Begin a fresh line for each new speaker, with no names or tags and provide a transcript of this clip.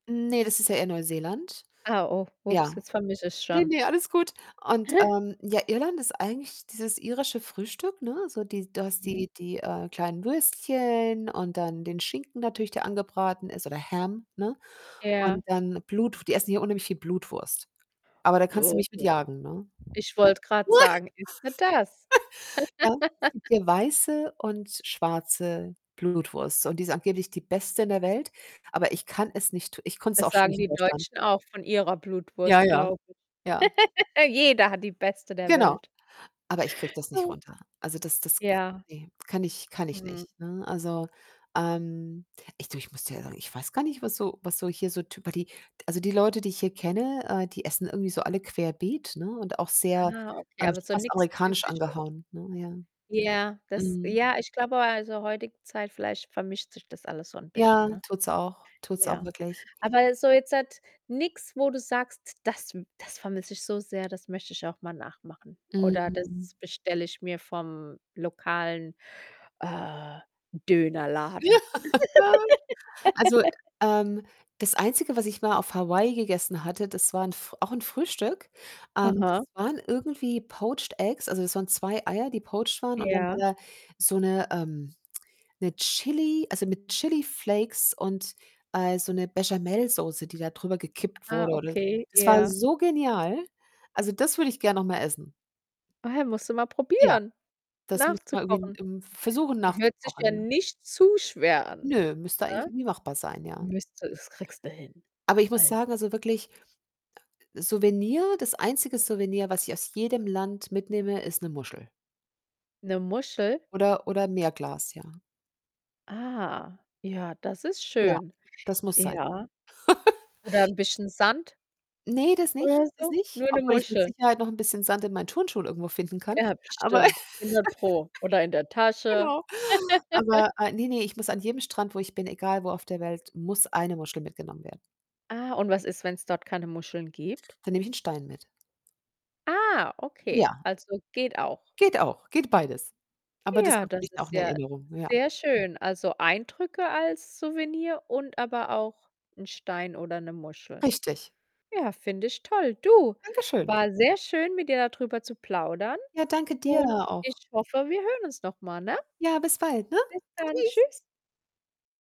Ne, das ist ja eher Neuseeland.
Ah, oh, ups,
Ja.
jetzt vermische ich's
Ne,
schon.
ne, alles gut und, ähm, ja, Irland ist eigentlich dieses irische Frühstück, ne, so die du hast
Mhm.
die die, äh, kleinen Würstchen und dann den Schinken natürlich, der angebraten ist oder Ham, ne,
Ja.
und dann Blutw die essen hier unheimlich viel Blutwurst. Aber da kannst du
Oh
mich mit
Gott,
jagen, ne?
ich wollte grad sagen, isst du das?
Ja, es gibt hier weiße und schwarze Blutwurst und die ist angeblich die beste in der Welt, aber ich kann es nicht ich konnte es
Das
auch schon
sagen
nicht in
die
Deutschland.
Deutschen auch von Ihrer
Ja,
Blutwurst,
ja,
glaube ich.
ja.
Jeder hat die Beste der
Genau,
Welt.
aber ich kriege das nicht
Ah.
runter. Also, das das k
Ja.
ne, kann ich kann ich
Mhm.
nicht, ne? Also, ähm, ich du, ich muss dir ehrlich ich weiß gar nicht, was so was so hier so typer die also, die Leute, die ich hier kenne, äh, die essen irgendwie so alle querbeet, ne, und auch sehr
Ah,
äh,
okay, aber
schon
so
fast
nix
amerikanisch
Typisches.
angehauen, ne, ja,
Ja, das
mhm.
ja, ich glaube, also, heutige Zeit vielleicht vermischt sich das alles so 'n
Ja,
bisschen, ne?
tut's auch tut's auch
Ja.
wirklich.
Aber so jetzt nix, wo du sagst: „Das das vermisse ich so sehr, das möchte ich auch mal nachmachen oder das
Mhm.
bestelle ich mir vom lokalen, äh,
Ja,
Dönerladen.“
also, ähm, das Einzige, was ich mal auf Hawaii gegessen hatte, das war 'n f auch 'n Frühstück ähm, das
Aha.
waren irgendwie poached Eggs, also das waren 2 Eier, die poached waren und dann war
Ja.
da so 'ne ähm, 'ne Chili also, mit Chili-Flakes und, äh, so 'ne Béchamelsoße, die da drüber gekippt
Ah,
wurde oder
okay,
das war
ja.
so genial. Also, das würde ich gerne noch mal essen.
Ah ja, musst du mal
Ja,
probieren,
das
nach
müssten
zu
wir irgendwie in
kochen.
im versuchen nach zu
Hört sich
kochen,
ja
ja.
nicht zu schwer an,
Nö, müsste eigentlich
ne?
irgendwie machbar sein, ja.
Müsste es kriegst du hin.
Aber ich muss
Also
sagen, also, wirklich ah, äh, Souvenir das einzige Souvenir, was ich aus jedem Land mitnehme, ist 'ne Muschel
'Ne Muschel?
oder oder 'n Meerglas, ja.
Ah, ja, das ist
Ja,
schön.
das muss sein.
Ja. Oder 'n bisschen Sand
Ne, das nicht
oder
das
so?
nicht,
Nur 'ne
obwohl ich mit
Muschel?
Sicherheit noch 'n bisschen Sand in meinen Turnschuhen irgendwo finden kann.
Ja,
Aber
bestimmt. 100 Pro oder in der Tasche.
genau. Aber, äh, ne, ne, ich muss an jedem Strand, wo ich bin, egal wo auf der Welt, muss 1 Muschel mitgenommen werden.
Ah, und was ist, wenn's dort keine Muscheln gibt?
Dann nehme ich 'n Stein mit.
Ah, okay,
Ja.
also, geht auch.
Geht auch, geht beides. Aber das
Ja, das
[unintelligible] auch
ist
in
ja
Erinnerung, ja.
sehr schön. Also, Eindrücke als Souvenir und aber auch 'n Stein oder 'ne Muschel.
Richtig.
Ja, finde ich toll. Du,
Dankeschön.
was sehr schön, mit dir da drüber zu plaudern
Ja, danke dir
und
auch.
ich hoffe, wir hören uns noch mal, ne?
Ja, bis bald, ne?
Bis dann,
Tschüss.
tschüss.